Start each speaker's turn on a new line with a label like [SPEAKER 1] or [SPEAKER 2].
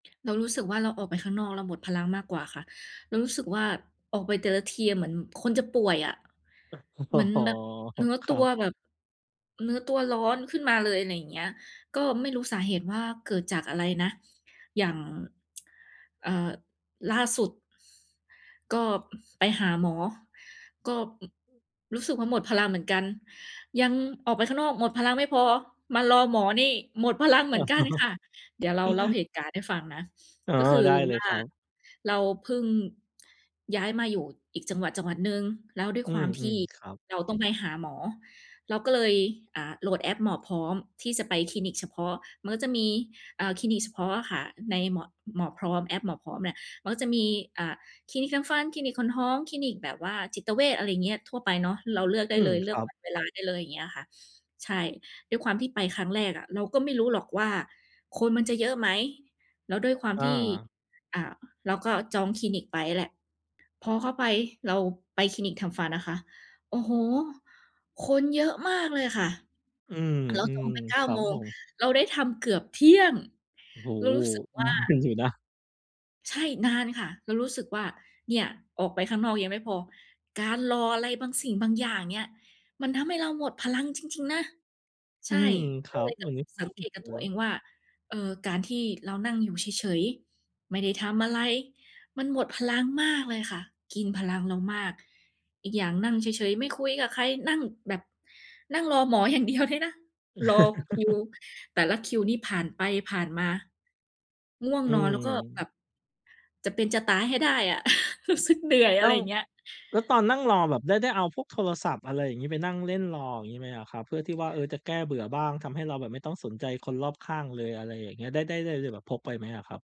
[SPEAKER 1] เรารู้สึกว่า เราออกไปข้างนอก เราหมดพลังมากกว่าค่ะ เรารู้สึกว่าออกไปแต่ละทีอะ เหมือนคนจะป่วยอะ
[SPEAKER 2] อ
[SPEAKER 1] เห
[SPEAKER 2] ๋
[SPEAKER 1] ม
[SPEAKER 2] อ
[SPEAKER 1] ือนแบบ เนื้อ
[SPEAKER 2] ค
[SPEAKER 1] ตั
[SPEAKER 2] รั
[SPEAKER 1] ว
[SPEAKER 2] บ
[SPEAKER 1] แบบ เนื้อตัวร้อนขึ้นมาเลยอะไรอย่างเงี้ย ก็ไม่รู้สาเหตุว่าเกิดจากอะไรนะ อย่าง เอ่อ ล่าสุด ก็ ไปหาหมอ ก็ อ
[SPEAKER 2] อืม
[SPEAKER 1] รู้สึกว่าหมดพลังเหมือนกัน ยังออกไปข้างนอกหมดพลังไม่พอ มารอหมอนี่ หมดพลัง เหมือนกันค่ะ เดี๋ยวเราเล่าเหตุการณ์ให้ฟังนะ
[SPEAKER 2] อ๋อ
[SPEAKER 1] ก็คือ
[SPEAKER 2] ได้เล
[SPEAKER 1] ว
[SPEAKER 2] ย
[SPEAKER 1] ่า
[SPEAKER 2] ครับ
[SPEAKER 1] เราเพิ่งย้ายมาอยู่อีกจังหวัด ๆ หนึ่ง แล้วด้วย
[SPEAKER 2] อื
[SPEAKER 1] ความที
[SPEAKER 2] ม
[SPEAKER 1] ่
[SPEAKER 2] ๆ ครับ
[SPEAKER 1] เราต้องไปหาหมอ เราก็เลย อ่า โหลดแอปหมอพร้อมที่จะไปคลินิกเฉพาะ มันก็จะมี อ่า คลินิกเฉพาะอะค่ะ ในหมอ หมอพร้อม แอปหมอพร้อมเนี่ย เขาก็จะมี อ่า คลินิกทำฟัน คลินิกคนท้อง คลินิกแบบว่าจิตเวช อะไรอย่างเงี้ย ทั่วไปเนาะ เราเลือกไ
[SPEAKER 2] อ
[SPEAKER 1] ด้
[SPEAKER 2] ื
[SPEAKER 1] เ
[SPEAKER 2] ม
[SPEAKER 1] ลย เล
[SPEAKER 2] ค
[SPEAKER 1] ือ
[SPEAKER 2] ร
[SPEAKER 1] ก
[SPEAKER 2] ั
[SPEAKER 1] ว
[SPEAKER 2] บ
[SPEAKER 1] ันเวลาได้เลย อย่างเงี้ยอะค่ะ ใช่ ด้วยความที่ไปครั้งแรกอะ เราก็ไม่รู้หรอกว่าคนมันจะเยอะไหม แล้วด้วยความ
[SPEAKER 2] อ
[SPEAKER 1] ที่
[SPEAKER 2] า
[SPEAKER 1] อ่า เราก็จองคลินิกไปแหละ พอเข้าไปเราไปคลินิกทำฟันนะคะ โอ้โฮ คนเยอะมากเลยค่ะ เร
[SPEAKER 2] อืม
[SPEAKER 1] าจองไป เก้
[SPEAKER 2] ๆ ค
[SPEAKER 1] า
[SPEAKER 2] รั
[SPEAKER 1] โม
[SPEAKER 2] บผ
[SPEAKER 1] ง
[SPEAKER 2] ม
[SPEAKER 1] เราได้ทำเกือบเที่ยง
[SPEAKER 2] โอ้
[SPEAKER 1] เรา
[SPEAKER 2] โฮ
[SPEAKER 1] รู้สึกว่
[SPEAKER 2] น
[SPEAKER 1] า
[SPEAKER 2] าน อยู่นะ
[SPEAKER 1] ใช่ นานค่ะ เรารู้สึกว่า เนี่ยออกไปข้างนอกยังไม่พอ การรออะไรบางสิ่งบางอย่างเนี่ย มันทำให้เราหมดพลังจริง ๆ นะ ใ
[SPEAKER 2] อ
[SPEAKER 1] ช
[SPEAKER 2] ื
[SPEAKER 1] ่
[SPEAKER 2] มค
[SPEAKER 1] ก็
[SPEAKER 2] รั
[SPEAKER 1] เล
[SPEAKER 2] บ
[SPEAKER 1] ยกล
[SPEAKER 2] ว
[SPEAKER 1] ั
[SPEAKER 2] ั
[SPEAKER 1] บ
[SPEAKER 2] น
[SPEAKER 1] ม
[SPEAKER 2] นี้
[SPEAKER 1] าสังเกตกับตัวเองว่า เอ่ อ การที่เรานั่งอยู่เฉย ๆ ไม่ได้ทำอะไร มันหมดพลังมากเลยค่ะ กินพลังเรามาก อีกอย่างนั่งเฉย ๆ ไม่คุยกับใคร นั่งแบบ นั่งรอหมอ อย่างเดียวด้วยนะ รอคิวแต่ละคิวนี้ผ่านไปผ่านมา ง่วง
[SPEAKER 2] อื
[SPEAKER 1] นอน แล้วก็แบ
[SPEAKER 2] ม
[SPEAKER 1] บจะเป็นจะตายให้ได้อะ รู้สึก เหนื่อย อ
[SPEAKER 2] อ
[SPEAKER 1] ะไ
[SPEAKER 2] ้
[SPEAKER 1] ร
[SPEAKER 2] า
[SPEAKER 1] อ
[SPEAKER 2] ว
[SPEAKER 1] ย่างเงี้ย
[SPEAKER 2] แล้วตอนนั่งรอแบบได้ ได้เอาพวกโทรศัพท์ อะไรอย่างงี้ ไปนั่งเล่นรอ อย่างงี้ไหมอะครับ? เพื่อที่ว่า เออ จะแก้เบื่อบ้าง ทำให้เราแบบไม่ต้องสนใจคนรอบข้างเลย อะไรอย่างเงี้ย ได้ ได้ ได้ ได้แบบพกไปไหมอะครับ?